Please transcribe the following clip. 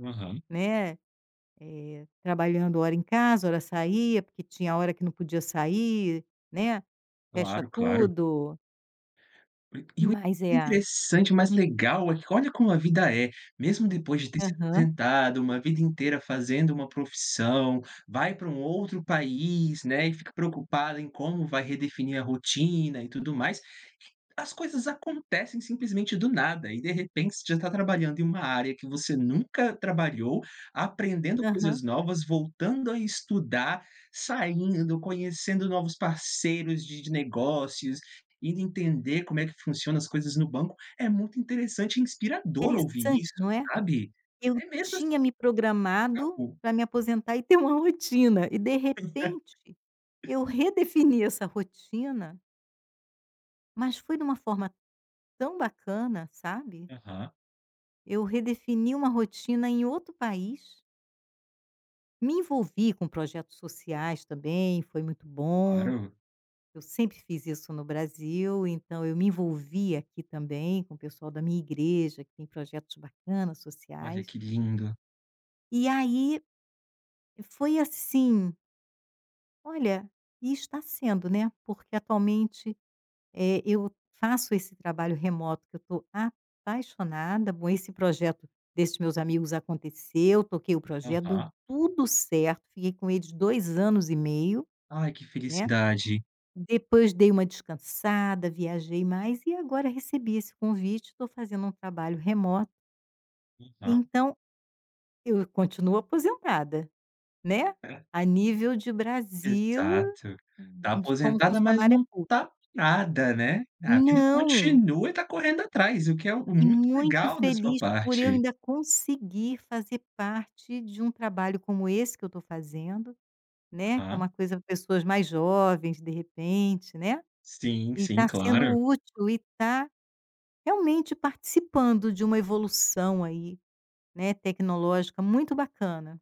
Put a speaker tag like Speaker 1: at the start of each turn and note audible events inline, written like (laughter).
Speaker 1: Aham.
Speaker 2: Né, eh, trabalhando hora em casa, hora saía, porque tinha a hora que não podia sair, né, fecha
Speaker 1: Claro, claro.
Speaker 2: tudo.
Speaker 1: (clears throat) E o
Speaker 2: Mas é.
Speaker 1: interessante, mas legal, olha como a vida é, mesmo depois de ter se
Speaker 2: Aham.
Speaker 1: aposentado, uma vida inteira fazendo uma profissão, vai para um outro país, né, e fica preocupada em como vai redefinir a rotina e tudo mais. As coisas acontecem simplesmente do nada, e de repente você já tá trabalhando em uma área que você nunca trabalhou, aprendendo coisas
Speaker 2: Aham.
Speaker 1: novas, voltando a estudar, saindo, conhecendo novos parceiros de de negócios, ir entender como é que funciona as coisas no banco, é muito interessante e inspirador ouvir
Speaker 2: Interessante,
Speaker 1: isso,
Speaker 2: não é.
Speaker 1: sabe.
Speaker 2: Eu
Speaker 1: É mesmo assim
Speaker 2: tinha me programado
Speaker 1: (unintelligible)
Speaker 2: para me aposentar e ter uma rotina, e de repente
Speaker 1: (laughs)
Speaker 2: eu redefini essa rotina mas foi de uma forma tão bacana, sabe.
Speaker 1: Aham.
Speaker 2: Eu redefini uma rotina em outro país. Me envolvi com projetos sociais também, foi muito bom.
Speaker 1: Claro.
Speaker 2: Eu sempre fiz isso no Brasil, então eu me envolvi aqui também, com o pessoal da minha igreja que tem projetos bacana,
Speaker 1: Olha
Speaker 2: sociais.
Speaker 1: que lindo.
Speaker 2: E aí, foi assim Olha, e está sendo, né, porque atualmente, eh, eu faço esse trabalho remoto que eu estou apaixonada. Bom, esse projeto desses meus amigos aconteceu, toquei o projeto, deu
Speaker 1: Aham.
Speaker 2: tudo certo, fiquei com eles 2 anos e meio,
Speaker 1: Ai, que
Speaker 2: né.
Speaker 1: felicidade.
Speaker 2: Depois dei uma descansada, viajei mais e agora recebi esse convite, estou fazendo um trabalho remoto
Speaker 1: (unintelligible)
Speaker 2: então, eu eu continuo aposentada, né,
Speaker 1: É.
Speaker 2: a nível de Brasil
Speaker 1: Exato. Tá
Speaker 2: d como
Speaker 1: aposentada, mas
Speaker 2: funcionária
Speaker 1: não
Speaker 2: pública.
Speaker 1: tá parada, né, a vida
Speaker 2: Não.
Speaker 1: continua e está correndo atrás, o que é o
Speaker 2: E
Speaker 1: muito
Speaker 2: muito
Speaker 1: legal da sua
Speaker 2: feliz por eu
Speaker 1: parte.
Speaker 2: ainda conseguir fazer parte de um trabalho como esse que eu estou fazendo, né, que é uma
Speaker 1: Aham.
Speaker 2: coisa pra pessoas mais jovens, de repente, né.
Speaker 1: Sim,
Speaker 2: E
Speaker 1: sim,
Speaker 2: está sendo
Speaker 1: claro.
Speaker 2: útil e está, realmente, participando de uma evolução aí, né, tecnológica muito bacana.